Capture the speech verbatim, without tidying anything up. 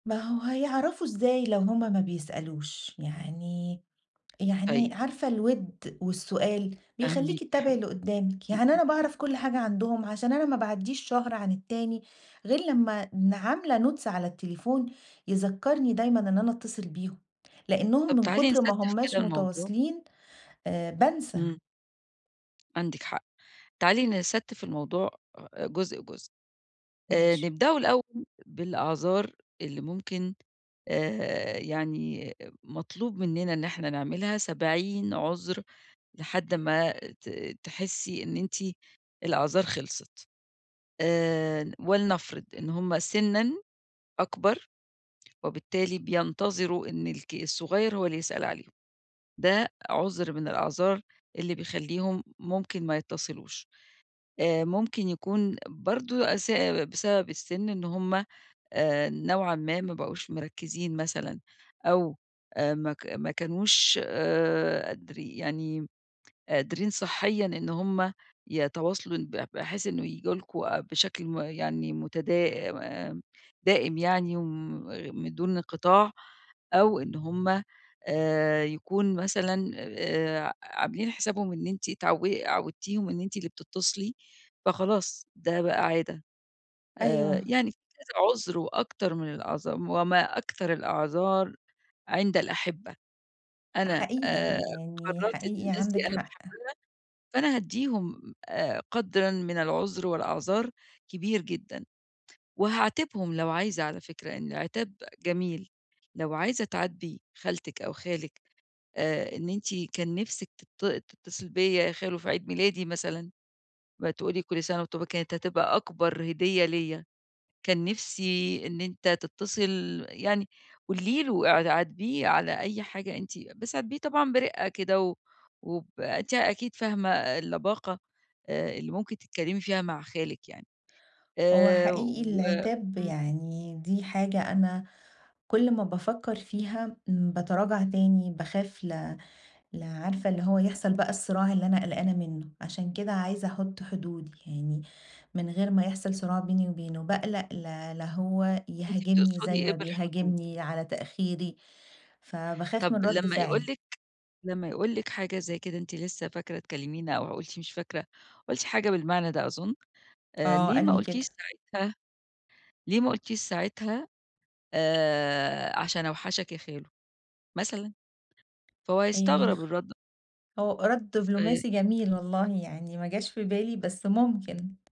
ما هو هيعرفوا إزاي لو هُم ما بيسألوش، يعني طيب. يعني عارفة الوِد والسؤال فاهماكِ بيخليكي يا تتابعي حبيبتي. اللي قدّامك، امم، يعني امم. أنا باعرف كل حاجة عندهم عشان أنا ما باعدِّيش شهر عن التاني غير لما ن عاملة Notes على التليفون يذكَّرني دايمًا إن أنا أتصل بيهم، لأنهم طب من تعالي كتر ما نستِّف كده هماش الموضوع. متواصلين، آآ، بانسى. امم. عندِك حق. تعالي نستِّف الموضوع جزء، جزء. آآ، ماشي. نبدأه الأول بالأعذار اللي ممكن، آآ، يعني مطلوب مننا إن إحنا نعملها سبعين عذر لحد ما ت تحسي إن أنتِ الأعذار خلصت. آآ ولنفرض إن هم سنًا أكبر وبالتالي بينتظروا إن الك الصغير هو اللي يسأل عليهم. ده عذر من الأعذار اللي بيخليهم ممكن ما يتصلوش. آآ ممكن يكون برضه أس بسبب السن إن هم آآ نوعًا ما بقوش مركزين مثلًا، أو ما ك ما كانوش آآ قادري يعني قادرين صحيًا إن هم يتواصلوا ب بحيث إنه ييجوا لكم بشكل م يعني متدا آمم دائم يعني وم من دون انقطاع، أو إن هم آآ يكون مثلًا آآ ع عاملين حسابهم إن أنتِ اتعود عودتيهم إن أنتِ اللي بتتصلي فخلاص ده بقى عادة. آآ أيوه. يعني كذا عذر وأكتر من الأعذار وما أكثر الأعذار عند الأحبة. أنا، حقيقي آآ، يعني، قررت إن حقيقي الناس دي عندك أنا حق. باحبها، فأنا هادِّيهم آآ قدرًا من العذر والأعذار كبير جدًا. وهاعاتبهم لو عايزة على فكرة، لإن العتاب جميل، لو عايزة تعاتبي خالتك أو خالك آآ إن أنتِ كان نفسك تت تتصل بيا يا خالو في عيد ميلادي مثلًا وتقول لي كل سنة وأنتِ طيبة كانت هتبقى أكبر هدية ليّا، كان نفسي إن أنتَ تتصل يعني قولي له اع عاتبيه على أي حاجة أنتِ بس عاتبيه طبعًا برقة كده، وب أنتِ أكيد فاهمة اللباقة، آآ، اللي ممكن تتكلمي فيها مع خالك يعني هو آآ حقيقي و العتاب امم. يعني دي حاجة أنا كل ما بافكر فيها باتراجع تاني، باخاف ل ل عارفة اللي هو يحصل بقى الصِّراع اللي أنا قلقانة منه. عشان كده عايزة أحط حدود يعني، من غير ما يحصل صراع بيني وبينه، باقلق لا لا هو أنتِ يهاجمني بتقصدي زي إيه ما بالحدود؟ بيهاجمني على تأخيري، فباخاف من طب رد لما يقول فعلي. لِك لما يقول لِك حاجة زي كده أنتِ لسه فاكرة تكلمينا أو قُلتِ مش فاكرة، قُلتِ حاجة بالمعنى ده أظن، آآ آه ليه قال ما لي قُلتيش كده. ساعتها ليه ما قلتيش ساعتها، آآ، عشان أوحشك يا خالو. مثلًا؟ فهو هيستغرب [unintelligible] الرد هو رد ف دبلوماسي جميل والله يعني، ما جاش في بالي بس ممكن.